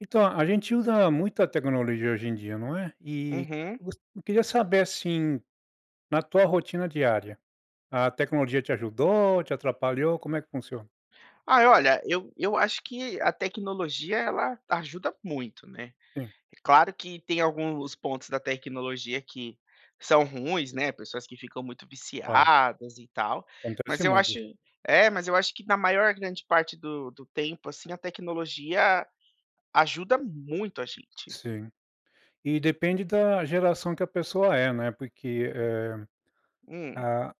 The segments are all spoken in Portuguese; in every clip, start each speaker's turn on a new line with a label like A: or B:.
A: Então, a gente usa muita tecnologia hoje em dia, não é. E
B: Uhum.
A: voc eu queria saber, assim, na tua rotina diária, a tecnologia te ajudou, te atrapalhou? Como é que funciona?
B: Ai olha, eu eu acho que a tecnologia ela ajuda muito, né
A: Sim.
B: É claro que tem alguns pontos da tecnologia que são ruins, né, pessoas que ficam muito
A: Claro.
B: viciadas, e tal, mas
A: Acontece
B: eu
A: muito
B: acho
A: isso.
B: é mas eu acho que na maior grande parte do do tempo, assim, a tecnologia ajuda muito a gente.
A: Sim, e depende da geração que a pessoa é, né. Porque, eh
B: Hum.
A: ah,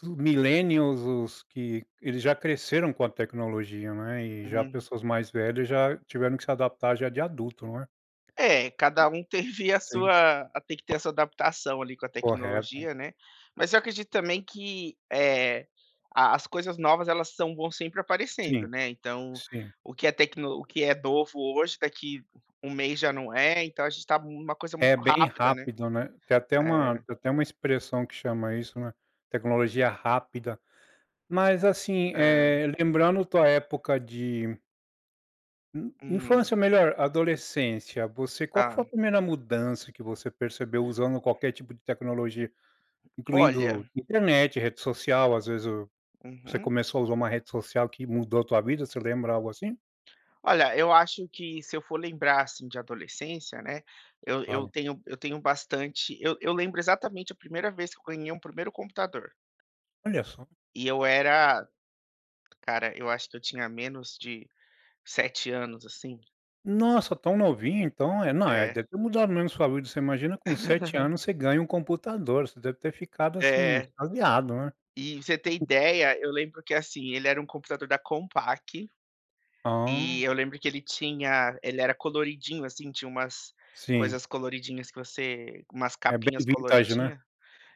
A: plu millennials os que eles já cresceram com a tecnologia, né. E já
B: Hum.
A: pessoas mais velhas já tiveram que se adaptar já de adulto não é?
B: É, cada um teve a
A: Sim.
B: sua tem que ter essa adaptação ali com a
A: Correto.
B: tecnologia, né. Mas eu acredito também que, eh, a as coisas novas elas são bom sempre aparecendo,
A: Sim,
B: né. Então,
A: sim.
B: o que é tecno o que é novo hoje daqui um mês já não é, então a gente tá numa coisa
A: É
B: muito
A: bem
B: rápida, né
A: rápido, né. Tem até uma
B: eh.
A: tem até uma expressão que chama isso, né. Tecnologia rápida. Mas assim,
B: Hã.
A: eh, lembrando tua época de in
B: Uhum.
A: infância melhor adolescência, você qual que foi a
B: Ah.
A: primeira mudança que você percebeu usando qualquer tipo de tecnologia?
B: Olha.
A: Incluindo internet, rede social, às vezes o você
B: Uhum.
A: começou a usar uma rede social que mudou a tua vida, você lembra algo assim?
B: Olha, eu acho que se eu for lembrar, assim, de adolescência, né, eu
A: Claro.
B: eu tenho eu tenho bastante eu eu lembro exatamente a primeira vez que eu ganhei um primeiro computador.
A: Olha só.
B: E eu era cara, eu acho que eu tinha menos de 7 anos, assim.
A: Nossa, tão novinho, então, é não, eh,
B: É.
A: deve ter mudado mesmo saúde, você imagina com 7 anos, você ganha um computador, você deve ter ficado, assim,
B: É.
A: extasiado, né.
B: E, você ter
A: [unintelligible]
B: ideia, eu lembro que assim, ele era um computador da Compaq,
A: Ah.
B: e eu lembro que ele tinha ele era coloridinho assim, tinha umas
A: Sim.
B: coisas coloridinhas que você umas
A: É bem
B: capinhas
A: vintage, né,
B: coloridinha,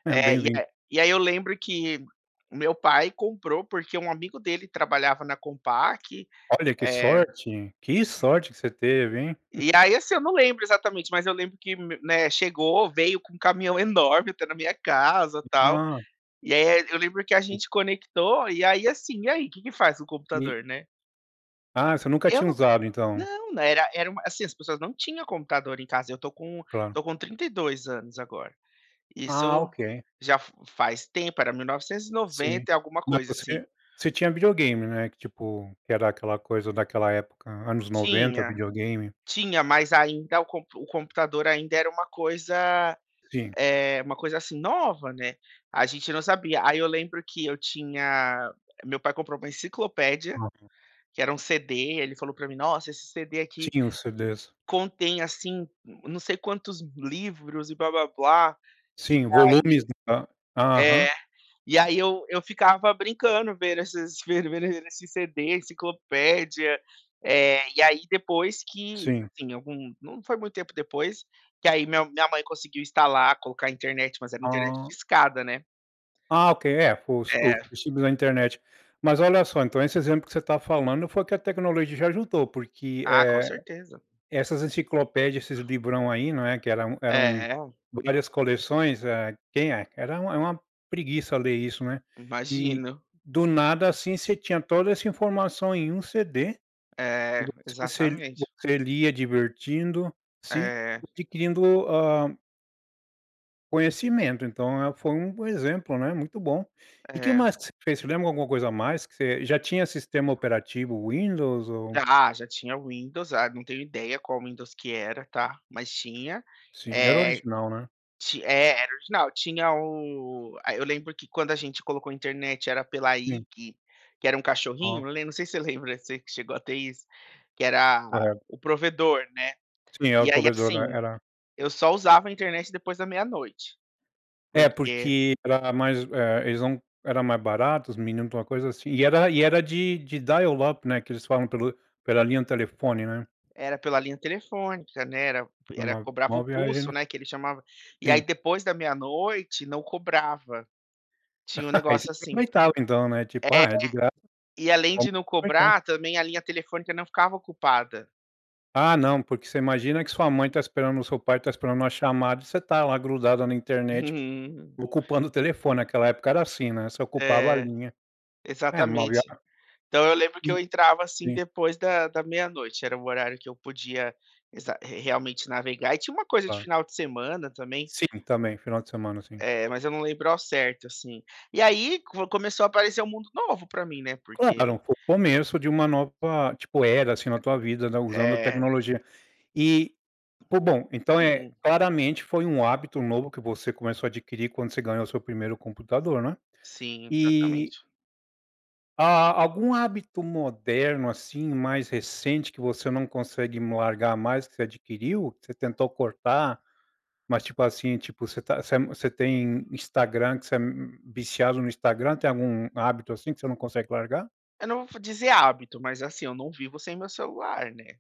A: é
B: eh,
A: bem vintage.
B: e aí eu lembro que o meu pai comprou, porque um amigo dele trabalhava na Compaq,
A: Olha, que
B: eh
A: sorte, que sorte que você teve, hein?
B: e aí, assim, eu não lembro exatamente, mas eu lembro que, né, chegou, veio com um caminhão enorme até na minha casa tal,
A: Ha.
B: e aí eu lembro que a
A: O
B: gente conectou e aí, assim: "E aí, que que faz o
A: E
B: computador?", né.
A: Ah, você nunca
B: Eu
A: tinha
B: não
A: usado, então.
B: não não era era uma assim, as pessoas não tinha computador em casa, eu estou com
A: Claro.
B: estou com 32 anos agora,
A: Ah,
B: isso
A: ok.
B: já fa faz tempo era mil novecentos e
A: Sim.
B: noventa e alguma
A: Mas
B: coisa, assim.
A: você você tinha videogame, né? Que tipo que era aquela coisa, daquela época anos 90,
B: Tinha,
A: videogame.
B: tinha, mas ainda o compu o computador ainda era uma coisa,
A: Sim.
B: eh, uma coisa, assim, nova, né, a gente não sabia. Aí eu lembro que eu tinha meu pai comprou uma enciclopédia,
A: Uhum.
B: que era um CD, ele falou pra mim: "Nossa, esse CD aqui
A: Sim, os CDs.
B: contém, assim, não sei quantos livros e blá blá blá.". E
A: Sim, volumes
B: aí
A: de hã, aham.
B: é, e aí eu eu ficava brincando, vendo esses vendo vendo esses CDs, enciclopédia, eh, e aí depois que,
A: Sim.
B: assim, algum não foi muito tempo depois, que aí meu minha mãe conseguiu instalar, colocar internet, mas era internet
A: Ah.
B: discada, né.
A: Ah, ok. É, os os
B: Eh.
A: [unintelligible] da internet. Mas, olha só, então esse exemplo que você tá falando foi o que a tecnologia já juntou, porque,
B: Ah,
A: eh,
B: com certeza.
A: essas enciclopédias, esses bibrão aí, não é, que eram eram
B: É.
A: várias coleções, eh, quem é era uma era uma preguiça ler isso, né. E,
B: Imagino.
A: do nada, assim ,você tinha toda essa informação em um CD,
B: É,
A: tipo você
B: exatamente.
A: você lia divertindo, sim
B: Eh.
A: adquirindo a conhecimento, então, é foi um exemplo, né, muito bom. E que
B: É.
A: mais que você fez? Você lembra alguma coisa a mais que você já tinha sistema operativo Windows? Ou
B: Já, já tinha o Windows, ah, não tenho ideia qual Windows que era, tá, mas tinha.
A: Sim, era
B: Eh,
A: original, né?
B: ti é, era original. Tinha o eh, eu lembro que quando a gente colocou internet, era pela
A: Sim
B: IG, que era um
A: Ah.
B: cachorrinho, eu lem não sei se você lembra, você que chegou a ter isso, que era
A: Correto.
B: o provedor, né.
A: Sim, era o
B: E aí
A: provedor, né,
B: assim,
A: era
B: eu só usava a internet depois da meia-noite,
A: É,
B: porque
A: porque, era mais, eh, eles não eram mais baratos, os minut para alguma coisa assim. E era e era de de dial up, né, que eles falam pelo pela linha de telefone, né.
B: Era pela linha telefônica, né, era era
A: Uma
B: cobrava o
A: uma viagem,
B: pulso,
A: né.
B: né, que ele chamava, e aí,
A: Sim.
B: depois da meia-noite, não cobrava, tinha um
A: Aí você
B: negócio assim.
A: aproveitava, então, né, tipo: "Ah, é de graça,
B: É. E
A: então
B: além
A: vou
B: de não
A: aproveitar".
B: cobrar, também, a linha telefônica não ficava ocupada.
A: Ah, não, porque você imagina que sua mãe está esperando o seu pai está esperando uma chamada e você está lá grudado na internet,
B: Uhum.
A: ocupando o telefone. Aquela época era assim, né. Você ocupava a
B: É,
A: linha. É uma
B: exatamente.
A: viagem.
B: Então eu lembro
A: E
B: que eu entrava assim
A: sim.
B: depois da da meia-noite, era um horário que eu podia exa re realmente navegar e tinha uma coisa de
A: Claro
B: final de semana também.
A: Sim, também, final de semana, sim.
B: É, mas eu não lembro ao certo, assim. E aí, com começou a aparecer o mundo novo pra mim, né, porque
A: Claro, foi o começo de uma nova, tipo, era, assim na tua vida, né, usando
B: É.
A: tecnologia. E pô bom, então, eh
B: Hum.
A: claramente foi um hábito novo, que você começou a adquirir, quando você ganhou o seu primeiro computador, né.
B: Sim,
A: E
B: exatamente.
A: A algum hábito moderno, assim, mais recente, que você não consegue largar mais, que você adquiriu? Que você tentou cortar, mas, tipo assim tipo, você tá você é mu você tem Instagram, que você é, hum, viciado no Instagram, tem algum hábito assim que você não consegue largar?
B: Eu não vou dizer hábito, mas, assim eu não vivo sem meu celular, né.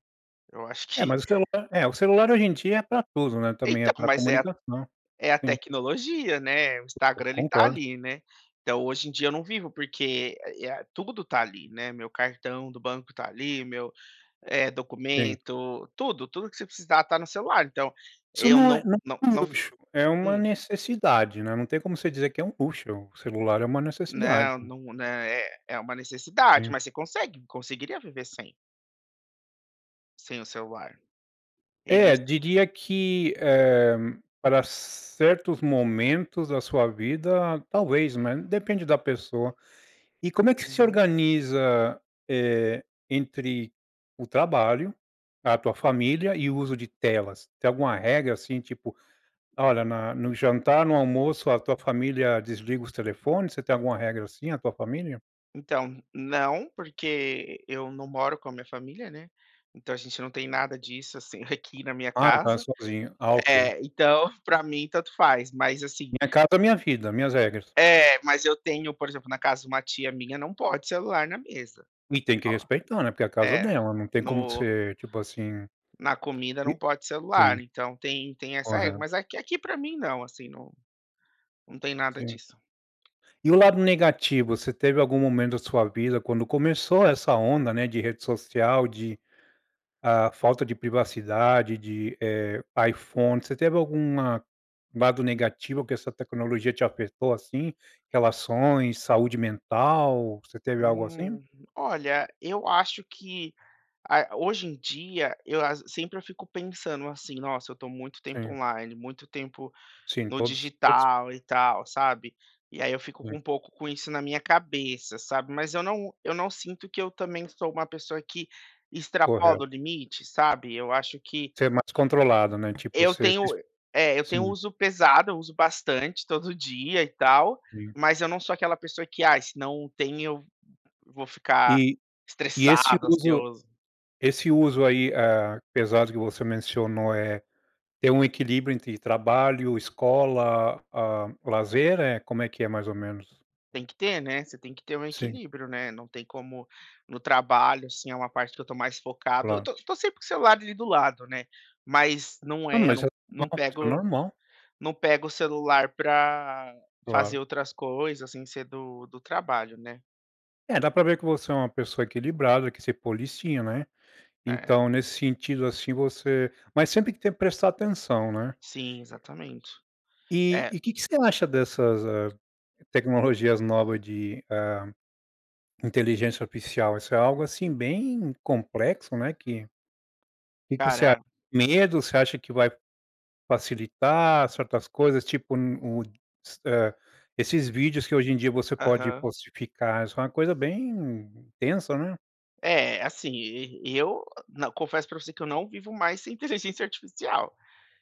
B: Eu acho que
A: É, mas o celular é, o celular hoje em dia é pra tudo, né, também, é
B: Então,
A: pra
B: mas é a
A: comunicação.
B: é a
A: Sim.
B: tecnologia, né. O
A: Co co
B: Instagram ele tá
A: concordo.
B: ali, né. Então, hoje em dia, eu não vivo, porque é a tudo tá ali, né. Meu cartão do banco tá ali, meu, eh,
A: Sim.
B: documento, tudo. Tudo que você precisar, está no celular. Então,
A: Isso
B: eu
A: não é
B: não
A: não
B: não
A: é um
B: não
A: luxo, é uma
B: hum.
A: necessidade, né, não tem como você dizer que é um luxo, o celular é uma necessidade.
B: Não, num né é é uma necessidade,
A: Sim.
B: mas você consegue conseguiria viver sem. Sem o celular. Eles
A: É,
B: s
A: diria que, eh, para certos momentos da sua vida, talvez, né, depende da pessoa. E como é que se
B: Uhum.
A: organiza, eh, entre o trabalho, a tua família e o uso de telas? Tem alguma regra assim, tipo, olha, no jantar, no almoço a tua família desliga os telefones? Você tem alguma regra assim, a tua família?
B: Então, não. Porque eu não moro com a minha família, né. Então a gente não tem nada disso, assim, aqui na minha
A: Ah, no caso,
B: casa.
A: sozinho. Ah, ok.
B: É, então para mim tanto faz, mas assim
A: Minha casa, minha vida. Minhas regras.
B: É, mas eu tenho, por exemplo, na casa de uma tia minha não pode celular na mesa.
A: E tem que
B: Oh.
A: respeitar, né. Porque a casa é
B: É,
A: dela, não tem como
B: no
A: ser tipo, assim.
B: na comida não
A: E
B: pode celular
A: sim.
B: então, tem tem, essa regra.
A: Correto.
B: Mas aqui aqui pra mim não, assim, não não tem nada
A: Sim.
B: disso.
A: E o lado negativo, você teve algum momento da sua vida quando começou essa onda, né, de rede social, de ah, falta de privacidade de eh, iPhone, você teve alguma lado negativo que essa tecnologia te apertou assim? Relações, saúde mental, você teve algo assim?
B: Hum. Olha, eu acho que a hoje em dia, eu as sempre eu fico pensando, assim: "Nossa, eu estou muito tempo
A: Sim.
B: online, muito tempo
A: Sim
B: no
A: todos todos
B: digital." E tal, sabe. E aí eu fico com
A: Sim.
B: um pouco com isso na minha cabeça, sabe. Mas eu não eu não sinto que eu também sou uma pessoa que extrapola
A: Correto.
B: o limite, sabe. Eu acho que
A: Você é mais controlado, né, tipo
B: eu
A: você
B: tenho
A: exp
B: é eu tenho
A: sim.
B: uso pesado, eu uso bastante todo dia, e tal,
A: Sim.
B: mas eu não sou aquela pessoa que: "Ai se não tem eu vou ficar
A: E, e esse
B: estressado,
A: uso
B: ansioso."
A: esse uso aí, eh, apesar do que você mencionou, eh, ter um equilíbrio entre trabalho, escola, ah, lazer, eh, como é que é, mais ou menos?
B: Tem que ter, né, você tem que ter
A: Sim.
B: equilíbrio, né. Não tem como no trabalho, assim, é uma parte que eu tô mais focado. Eu
A: Claro.
B: tô tô sempre com o celular ali do lado, né. Mas não
A: Não,
B: é eu
A: mas é
B: não
A: uma
B: não
A: coisa
B: pego
A: normal.
B: não pego o celular pra
A: Claro.
B: fazer outras coisas sem ser do do trabalho, né.
A: É, dá pra ver que você é uma pessoa equilibrada, que se policia, né.
B: É.
A: Então, nesse sentido, assim, você mas sempre que tem que prestar atenção, né.
B: Sim, exatamente.
A: E
B: É
A: e que que você acha dessas, ah, tecnologias novas de hã inteligência oficial? Isso é algo, assim, bem complexo, né, que o que que você acha,
B: Cara
A: medo? Você acha que vai facilitar certas coisas, tipo, n o s hã, esses vídeos que hoje em dia você pode
B: Aham.
A: postificar, isso é uma coisa bem intensa, né.
B: É, assim, e eu não, confesso pra você que eu não vivo mais sem inteligência artificial.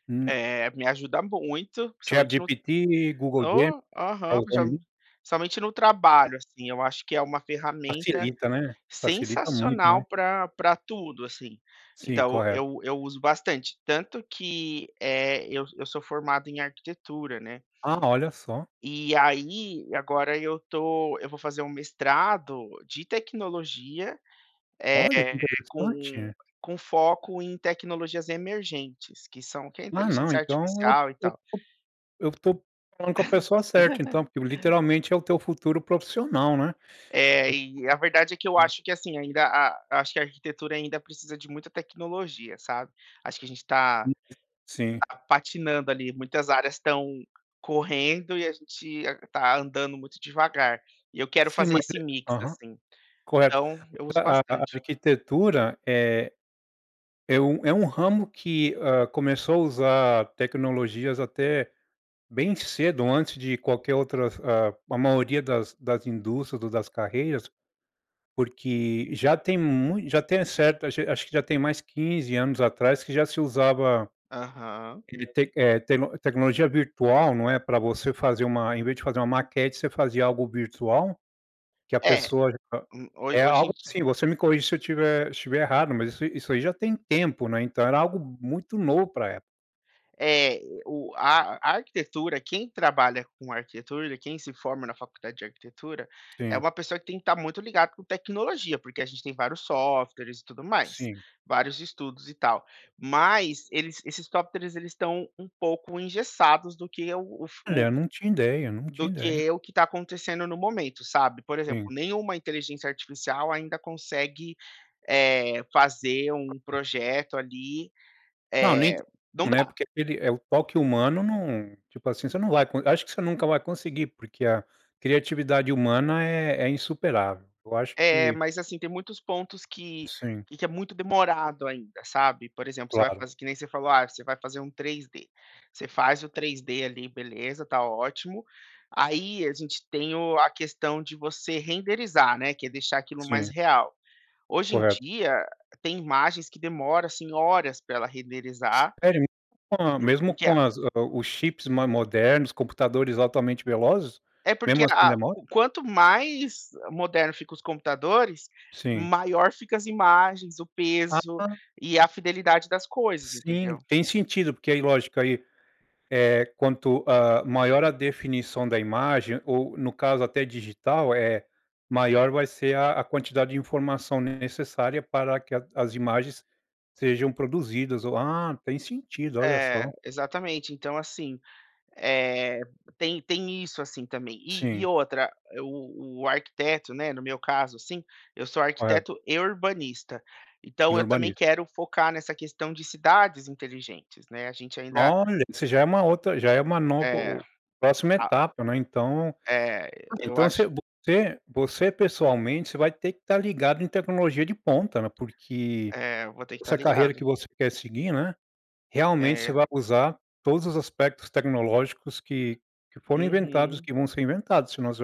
A: Hum.
B: Eh, me ajuda muito, principalmente no
A: ChatGPT, Google Gemini.
B: Oh,
A: Tá
B: aham,
A: usando
B: principalmen
A: muito?
B: principalmente no trabalho, assim, eu acho que é uma ferramenta
A: Facilita, né? Facilita muito, não
B: sensacional
A: é?
B: pra pra tudo, assim.
A: Sim,
B: Então,
A: correto.
B: eu eu uso bastante, tanto que, eh, eu eu sou formado em arquitetura, né.
A: Ah, olha só.
B: E aí, agora eu estou eu vou fazer um mestrado de tecnologia, eh,
A: Olha, que
B: com
A: interessante.
B: com foco em tecnologias emergentes, que são o que é
A: Ah não,
B: inteligência
A: então eu
B: artificial e
A: eu
B: tal.
A: estou eu estou falando com a pessoa certa então, porque o literalmente é o teu futuro profissional, né.
B: É, e a verdade é que eu
A: [unintelligible]
B: acho que, assim, ainda a acho que a arquitetura ainda precisa de muita tecnologia, sabe. Acho que a gente está
A: [unintelligible] Sim.
B: está patinando ali, muitas áreas estão correndo e a gente a está andando muito devagar. E eu quero
A: Sim,
B: fazer
A: mas
B: esse
A: é
B: mix,
A: Aham,
B: assim.
A: correto.
B: Então, eu uso
A: A a
B: bastante.
A: arquitetura é é um é um ramo que, hã, começou a usar tecnologias até bem cedo, antes de qualquer outras, ah, a maioria das das indústrias ou das carreiras. Porque já tem mui já tem certo, acho acho que já tem mais 15 anos atrás que já se usava,
B: Aham.
A: e tec, eh, teno tecnologia virtual, não é, pra você fazer uma em vez de fazer uma maquete, você fazia algo virtual, que a
B: É,
A: pessoa já a
B: hu ho
A: é
B: hoje em
A: algo
B: di
A: assim, você me corrige se eu estiver se eu estiver errado, mas isso isso aí já tem tempo, né. Então era algo muito novo pra época.
B: É, o a a arquitetura, quem trabalha com arquitetura, quem se forma na faculdade de arquitetura, é
A: Sim.
B: uma pessoa que tem que estar muito ligado com tecnologia, porque a gente tem vários softwares e tudo mais.
A: Sim.
B: Vários estudos e tal. Mas, eles esses softwares eles estão um pouco engessados do que é o fu
A: Olha.
B: o
A: Não tinha ideia, não
B: do
A: tinha ideia.
B: que o que está acontecendo no momento, sabe. Por exemplo,
A: Sim.
B: nenhuma inteligência artificial ainda consegue, eh, fazer um projeto, ali.
A: Não nem
B: Eh, não
A: [unintelligible] né,
B: dá.
A: porque aquele é o toque humano não, tipo assim, você não vai con acho que você nunca vai conseguir, porque a criatividade humana é é insuperável. Eu acho
B: É,
A: que
B: mas assim, tem muitos pontos que
A: Sim.
B: que é muito demorado ainda, sabe. Por exemplo, você vai
A: Claro.
B: fazer que nem você falou: "Ah, você vai fazer um 3D". Você faz o 3D ali, beleza, está ótimo. Aí, a gente tem o a questão de você renderizar, né, que é deixar aquilo mais
A: Sim.
B: real. Hoje em
A: Correto.
B: dia, tem imagens que demora, assim, horas pra ela renderizar.
A: Sério mesmo? [unintelligible] Com a
B: Por
A: mesmo
B: porque
A: com
B: a
A: as ah, os chips mais modernos, computadores altamente velozes,
B: É porque
A: mesmo assim
B: a
A: demora?
B: o quanto mais moderno fica os computadores,
A: Sim.
B: maior fica as imagens, o peso
A: Ah.
B: e a fidelidade das coisas,
A: Sim,
B: entendeu?
A: tem sentido, porque aí lógico, aí, eh, quanto, hã, maior a definição da imagem ou no caso até digital, eh, maior vai ser a a quantidade de informação necessária para que a as imagens sejam produzidas ou Ah, tem sentido, olha só.
B: É, exatamente. Então assim, eh, tem tem isso, assim, também. E e
A: Sim.
B: outra, o o arquiteto, né, no meu caso, assim, eu sou
A: Correto.
B: arquiteto e urbanista. Então
A: E
B: eu também
A: urbanismo.
B: quero focar nessa questão de cidades inteligentes, né, a gente ainda
A: Olha, isso já é uma outra já é uma nova
B: É.
A: o próxima
B: A
A: etapa, né. Então
B: É, eu
A: então voc
B: acho
A: você você pessoalmente, você vai ter que estar ligado em tecnologia de ponta, né. Porque,
B: É, eu vou ter que estar
A: essa carreira que
B: ligado.
A: você quer seguir, né, realmente você
B: É.
A: vai usar todos os aspectos tecnológicos que que foram inventados,
B: Uhum.
A: que vão ser inventados, se não você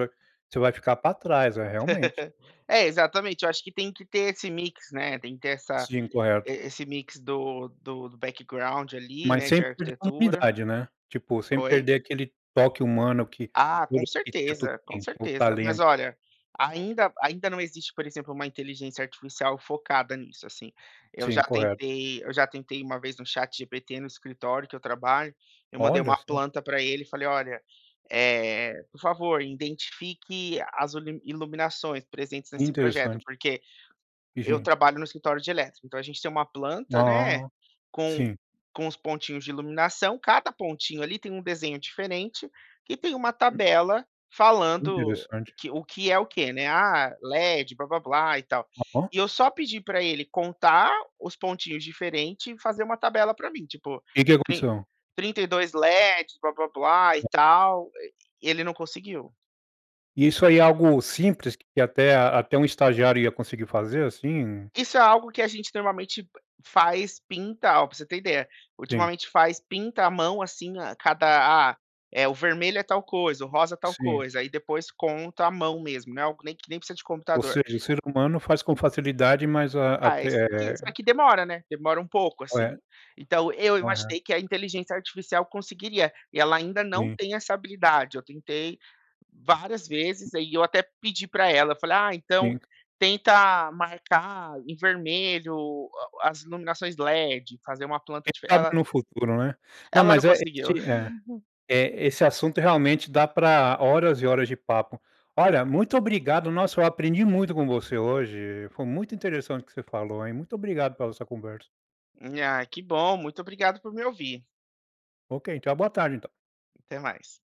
A: vai você ficar pra trás. É, realmente.
B: É, exatamente, eu acho que tem que ter esse mix, né. Tem que ter essa
A: Sim,
B: e
A: correto.
B: esse do do do background ali,
A: Mas
B: né, de
A: sem perder a
B: arquitetura.
A: humanidade, né? Tipo sem
B: Oi?
A: perder aquele toque humano que
B: Ah,
A: todo
B: com
A: arquiteto
B: certeza, com
A: tem, que é o
B: certeza. Mas
A: talento.
B: olha, ainda ainda não existe, por exemplo, uma inteligência artificial focada nisso, assim. Eu
A: Sim,
B: já
A: correto.
B: tentei eu já tentei uma vez no ChatGPT, no escritório que eu trabalho, eu mandei
A: Olha
B: uma
A: só.
B: planta pra ele e falei: "Olha, eh, por favor, identifique as ulimi iluminações presentes nesse projeto".
A: Interessante.
B: Porque
A: E
B: eu
A: gim
B: trabalho no escritório de elétrica, então a gente tem uma planta, né,
A: Ah.
B: com
A: Sim.
B: com os pontinhos de iluminação, cada pontinho ali tem um desenho diferente, e tem uma tabela falando
A: Interessante.
B: que o que é o quê, né. Ah, LED blá-blá-blá e tal.
A: Ó.
B: E eu só pedi pra ele contar os pontinhos diferente e fazer uma tabela pra mim, tipo,
A: Que que
B: trin
A: aconteceu?
B: trinta e dois LEDs blá-blá-blá e tal. E ele não conseguiu.
A: E isso aí é algo simples, que até a até um estagiário ia conseguir fazer, assim?
B: Isso é algo que a gente normalmente p faz, pinta. Ó, pra você ter ideia,
A: Sim.
B: ultimamente faz pinta a mão, assim, a cada ah, é o vermelho é tal coisa, o rosa é tal
A: Sim.
B: coisa, aí depois conta, a mão mesmo, né, algo que nem que nem precisa de
A: Ou
B: computador.
A: seja, o ser humano faz com facilidade, mas a
B: Ah, esse que só
A: até
B: que demora, né. Demora um pouco, assim.
A: Correto.
B: Então, eu
A: Correto.
B: imaginei que a inteligência artificial conseguiria, e ela ainda não
A: Sim.
B: tem essa habilidade. Eu tentei várias vezes, aí eu até pedi pra ela, eu falei: "Ah, então
A: Sim.
B: tenta marcar em vermelho o a as iluminações LED, fazer uma planta
A: Quem
B: dife",
A: sabe
B: ela
A: no futuro, né? Não,
B: ela não
A: mas é
B: conseguiu.
A: esse é. Eh, assunto realmente dá pra horas e horas de papo. Olha, muito obrigado. Nossa, eu aprendi muito com você hoje, foi muito interessante o que você falou hein, muito obrigado por essa conversa.
B: Ai que bom, muito obrigado por me ouvir.
A: Ok, tenha uma boa tarde, então.
B: Até mais.